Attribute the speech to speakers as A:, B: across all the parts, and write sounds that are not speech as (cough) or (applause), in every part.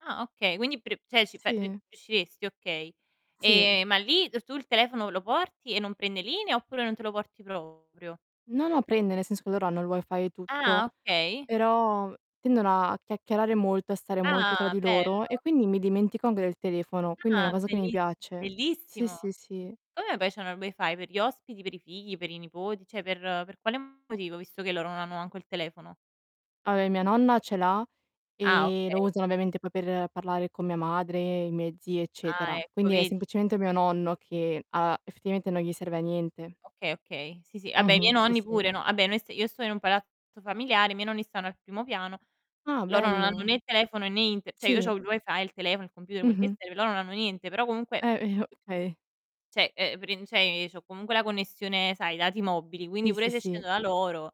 A: Ah okay, quindi pre cioè ci fa r
B: Sì.
A: riusciresti, okay.
B: Sì.
A: Ehm, ma lì tu il telefono, lo porti e non prende linea, oppure non te lo porti proprio?
B: No, no, prende nel senso che loro hanno il Wi-Fi e tutto,
A: Ah, okay.
B: però tendono a chiacchierare molto, a stare molto tra
A: Ah,
B: di loro, e
A: bello.
B: quindi mi dimentico anche del telefono, quindi è una
A: Ah,
B: cosa che mi
A: bellis
B: piace. Sì,
A: bellissimo.
B: sì, sì.
A: Come mai c'hanno il Wi-Fi? Per gli ospiti, per i figli, per i nipoti? Cioè per per quale motivo, visto che loro non hanno manco il telefono?
B: Vabbè mia nonna ce l'ha,
A: Ah,
B: ehm, lo
A: okay.
B: usa ovviamente poi per parlare con mia madre, i miei zii
A: Ah,
B: eccetera.
A: ecco
B: Quindi è
A: vedi.
B: semplicemente mio nonno che ha effettivamente non gli serve a niente.
A: Okay, okay. Sì, sì, vabbè i
B: Mh-mh.
A: miei
B: Sì,
A: nonni
B: sì.
A: pure, no, Vabbè noi st io sto in un palazzo familiare, i miei nonni stanno al primo piano,
B: Ah,
A: loro non hanno
B: bello.
A: né il telefono né Inter cioè io c'ho
B: Sì.
A: il Wi-Fi, il telefono, il computer, quel che
B: Mh-mh.
A: serve, loro non hanno niente, però comunque
B: Eh, (unintelligible) Okay.
A: cioè, ehm, prin cioè, ehm, c'ho comunque la connessione, sai, i dati mobili, quindi
B: Sì, sì,
A: pure se
B: sì.
A: scendo da loro,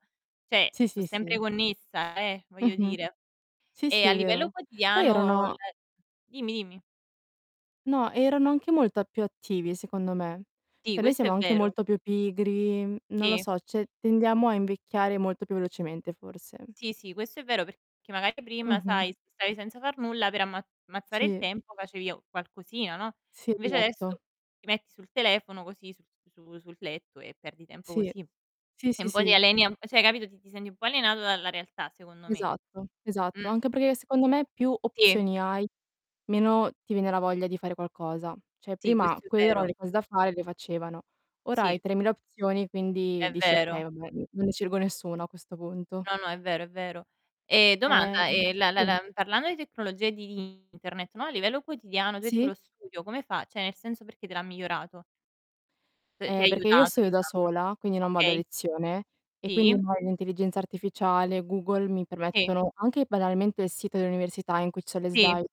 A: cioè,
B: Sì,
A: so
B: sì,
A: sempre
B: sì.
A: connessa, eh, voglio
B: Mh-mh.
A: dire
B: Sì,
A: Ehm,
B: sì,
A: a
B: è
A: livello
B: vero. Poi
A: quotidiano
B: erano
A: le dimmi, dimmi.
B: no, erano anche molta più attivi secondo me.
A: Sì,
B: Cioè noi
A: questo
B: siamo
A: è
B: anche
A: vero.
B: molto più pigri, mhmm, non lo
A: Sì.
B: so, cioè tendiamo a invecchiare molto più velocemente forse.
A: Sì, sì, questo è vero, perché magari prima,
B: Mh-mh.
A: sai, stavi senza far nulla per ammaz ammazzare il
B: Sì.
A: tempo facevi a qualcosina, no,
B: Sì,
A: invece adesso
B: esatto.
A: ti metti sul telefono, così su su sul letto e perdi tempo
B: Sì.
A: così.
B: Sì,
A: E
B: sì,
A: un po' ti
B: sì.
A: aliena cioè hai capito, ti ti senti un po' alienato dalla realtà, secondo me.
B: Esatto, esatto.
A: Mh.
B: Anche perché secondo me più
A: Sì.
B: opzioni hai, meno ti viene la voglia di fare qualcosa. Cioè
A: Sì,
B: prima
A: questo è
B: quelle erano
A: vero.
B: le cose da fare e le facevano. Ora hai
A: Sì.
B: 3.000 opzioni quindi
A: È
B: dici: "Okay,
A: vero.
B: vabbè non ne scelgo nessuna a questo punto".
A: No, no, è vero, è vero. Ehm, domanda:
B: Ehm,
A: ehm, la la
B: sì.
A: la parlando di tecnologie di Internet, no, a livello quotidiano tu hai detto
B: Sì.
A: lo studio come fa cioè nel senso perché te l'ha migliorato? T ti ha
B: Eh, perché io
A: aiutato,
B: studio da
A: diciamo,
B: sola, quindi non vado a
A: okay.
B: lezione e quindi
A: Sì.
B: ormai l'intelligenza artificiale, Google mi
A: Sì.
B: permettono, anche banalmente il sito dell'università, in cui c'è le
A: Sì.
B: slide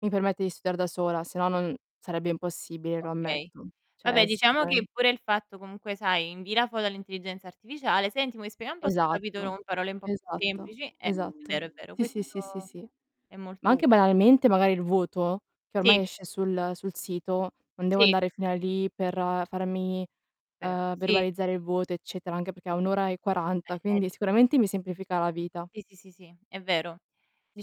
B: mi permette di studiare da sola, se no non sarebbe impossibile, lo
A: Okay
B: ammetto.
A: Vabbè,
B: Cioè sì,
A: diciamo
B: dai.
A: che pure il fatto comunque, sai, invii la foto all'intelligenza artificiale, "Senti mi spieghi un po' sto capitolo
B: Esatto,
A: con parole un po' più
B: esatto,
A: semplici." Eh, è vero,
B: esatto.
A: è vero,
B: Sì,
A: questo
B: sì, sì, sì, sì.
A: è
B: Ma
A: molto utile.
B: anche banalmente magari il voto, che
A: Sì.
B: ormai esce sul sul sito, non devo
A: Sì.
B: andare fino a lì per farmi,
A: Però
B: uhm,
A: sì.
B: verbalizzare il voto eccetera, anche perché è 1 ora e
A: Eh
B: 40, quindi
A: (unintelligible)
B: sicuramente mi semplifica la vita.
A: Sì. Sì, sì, sì, sì, è vero.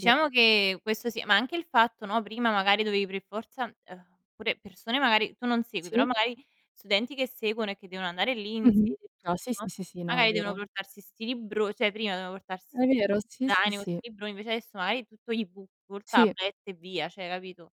B: Sì.
A: che questo sì, ma anche il fatto, no, prima magari dovevi per forza uhm, pure persone magari tu non segui, però
B: Sì.
A: magari studenti che seguono e che devono andare lì in
B: Mh-mh.
A: sede e
B: No, sì,
A: tutto,
B: sì, sì, sì, no è
A: magari devono
B: vero.
A: portarsi 'sti libro cioè prima dovevano portars
B: È vero, sì, sì,
A: zaino, con
B: sì.
A: 'sti libroni, invece adesso magari è tutto e-book,
B: Sì.
A: (unintelligible) tablet e via, cioè hai capito?